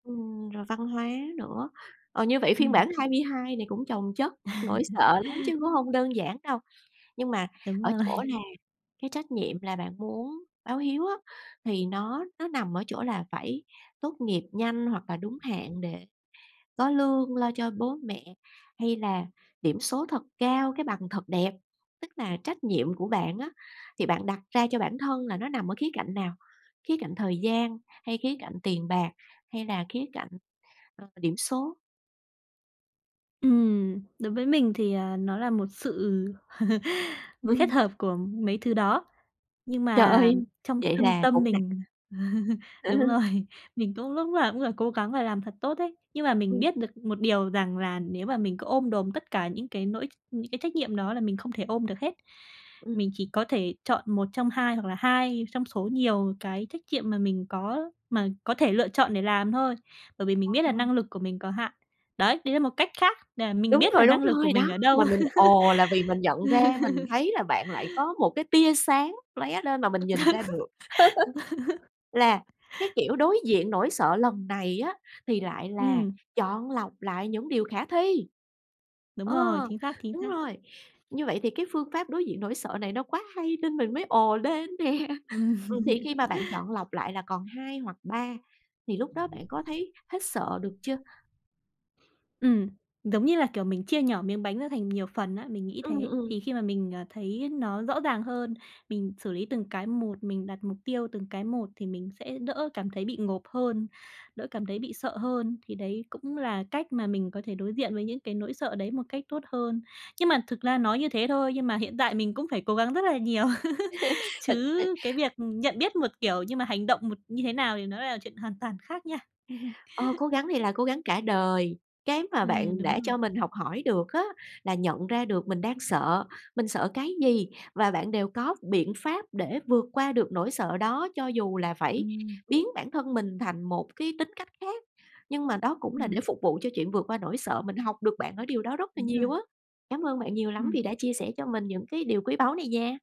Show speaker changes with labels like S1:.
S1: Ừm, rồi văn hóa nữa. Ờ, như vậy phiên
S2: Ừm.
S1: bản 22 này cũng chồng chất nỗi sợ lắm chứ cũng hông đơn giản đâu. Nhưng mà
S2: Đúng
S1: ở chỗ
S2: rồi.
S1: là cái trách nhiệm là bạn muốn báo hiếu á, thì nó nó nằm ở chỗ là phải tốt nghiệp nhanh hoặc là đúng hạn để có lương lo cho bố mẹ, hay là điểm số thật cao, cái bằng thật đẹp? Tức là trách nhiệm của bạn á, thì bạn đặt ra cho bản thân là nó nằm ở khía cạnh nào? Khía cạnh thời gian hay khía cạnh tiền bạc, hay là khía cạnh, ơ, điểm số?
S2: Ừm, đối với mình thì, ờ, nó là một sự kết
S1: Ừm.
S2: hợp của mấy thứ đó. Nhưng
S1: Trời
S2: mà
S1: ơi!
S2: trong
S1: Vậy
S2: thâm
S1: là
S2: tâm
S1: cũng nặng.
S2: mình đúng rồi, mình cũng lúc nào cũng phải cố gắng là làm thật tốt ấy. Nhưng mà mình
S1: Ừm.
S2: biết được một điều rằng là nếu mà mình cứ ôm đồm tất cả những cái nỗi những cái trách nhiệm đó là mình không thể ôm được hết. Mình
S1: Ừm.
S2: chỉ có thể chọn 1 trong 2, hoặc là 2 trong số nhiều cái trách nhiệm mà mình có mà có thể lựa chọn để làm thôi. Bởi vì mình biết là
S1: Ồ!
S2: năng lực của mình có hạn. Đấy, đấy là một cách khác để mình
S1: Đúng
S2: biết là
S1: rồi, đúng
S2: năng lực của
S1: rồi,
S2: mình
S1: đó!
S2: ở
S1: Mà
S2: đâu.
S1: mình "Ồ" là vì mình nhận ra, mình thấy là bạn lại có một cái tia sáng lóe lên mà mình nhìn ra được, là cái kiểu đối diện nỗi sợ lần này á thì lại là
S2: Ừm.
S1: chọn lọc lại những điều khả thi.
S2: Đúng rồi,
S1: Ờ,
S2: chính xác, chính
S1: đúng
S2: xác.
S1: rồi. Như vậy thì cái phương pháp đối diện nỗi sợ này nó quá hay nên mình mới ồ lên nè. Ừm, thì khi mà bạn chọn lọc lại là còn 2 hoặc 3 thì lúc đó bạn có thấy hết sợ được chưa?
S2: Ừm, giống như là, kiểu, mình chia nhỏ miếng bánh ra thành nhiều phần á, mình nghĩ
S1: Ừm,
S2: thế. Thì
S1: ừm.
S2: khi mà mình, à, thấy nó rõ ràng hơn, mình xử lý từng cái một, mình đặt mục tiêu từng cái một thì mình sẽ đỡ cảm thấy bị ngộp hơn, đỡ cảm thấy bị sợ hơn. Thì đấy cũng là cách mà mình có thể đối diện với những cái nỗi sợ đấy một cách tốt hơn. Nhưng mà thực ra nói như thế thôi, nhưng mà hiện tại mình cũng phải cố gắng rất là nhiều. Chứ cái
S1: [unintelligible]
S2: việc nhận biết một kiểu nhưng mà hành động một như thế nào thì nó lại là chuyện hoàn toàn khác nha.
S1: Ờ, cố gắng này là cố gắng cả đời, cái mà
S2: Ừm,
S1: bạn
S2: đúng
S1: đã
S2: rồi.
S1: cho mình học hỏi được á là nhận ra được mình đang sợ, mình sợ cái gì, và bạn đều có biện pháp để vượt qua được nỗi sợ đó cho dù là phải
S2: Ừm.
S1: biến bản thân mình thành một cái tính cách khác. Nhưng mà đó cũng là để
S2: Ừm.
S1: phục vụ cho chuyện vượt qua nỗi sợ, mình học được bạn ở điều đó rất là
S2: Đúng
S1: nhiều
S2: rồi.
S1: á. Cám ơn bạn nhiều lắm vì
S2: Ừm.
S1: đã chia sẻ cho mình những cái điều quý báu này nha!